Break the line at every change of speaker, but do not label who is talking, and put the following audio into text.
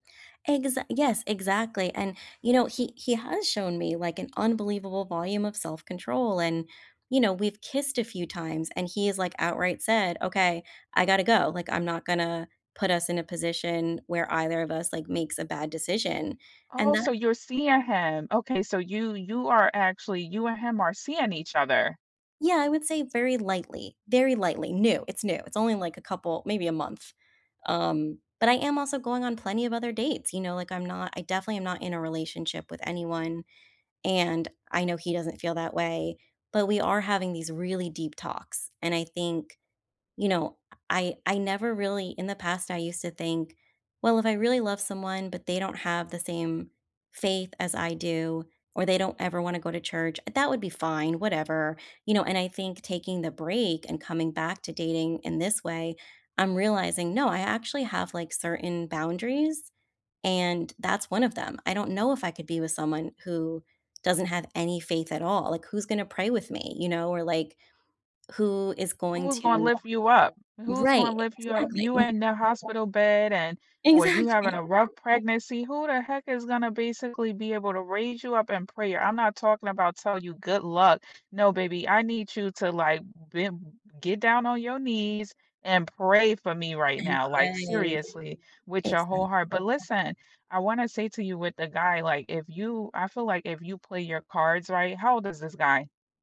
Exa Yes, exactly, and, you know, he he has shown me, like, an unbelievable volume of self-control, and, you know, we've kissed a few times, and he has, like, outright said, "Okay. I gotta go, like, I'm not gonna put us in a position where either of us, like, makes a bad decision." And
Oh, so
that
you're seeing him. Okay, so you you are actually you and him are seeing each other.
Yeah. I would say very lightly. Very lightly. New. It's new. It's only, like, a couple maybe a month. Um, but I am also going on plenty of other dates, you know, like, I'm not I definitely am not in a relationship with anyone, and I know he doesn't feel that way, but we are having these really deep talks, and I think you know, I I never really In the past, I used to think, "Well, if I really love someone, but they don't have the same faith as I do, or they don't ever wanna go to church, uh, that would be fine, whatever," you know, and I think taking the break and coming back to dating in this way, I'm realizing, no, I actually have, like, certain boundaries, and, that's one of them. I don't know if I could be with someone who doesn't have any faith at all, like, who's gonna pray with me, you know, or, like, who is going
Who's gonna
to
lift you up? Who's
Right.
gonna lift you up? You
Exactly.
in the hospital bed and or you having
Exactly.
a rough pregnancy. Who the heck is gonna basically be able to raise you up in prayer? I'm not talking about tell you good luck. "No, baby, I need you to, like, bem get down on your knees and pray for me right
And
now, like
pray.
seriously, with your whole
Exact
heart," but listen, I wanna say to you with the guy, like, if you I feel like if you play your cards right How old is this guy?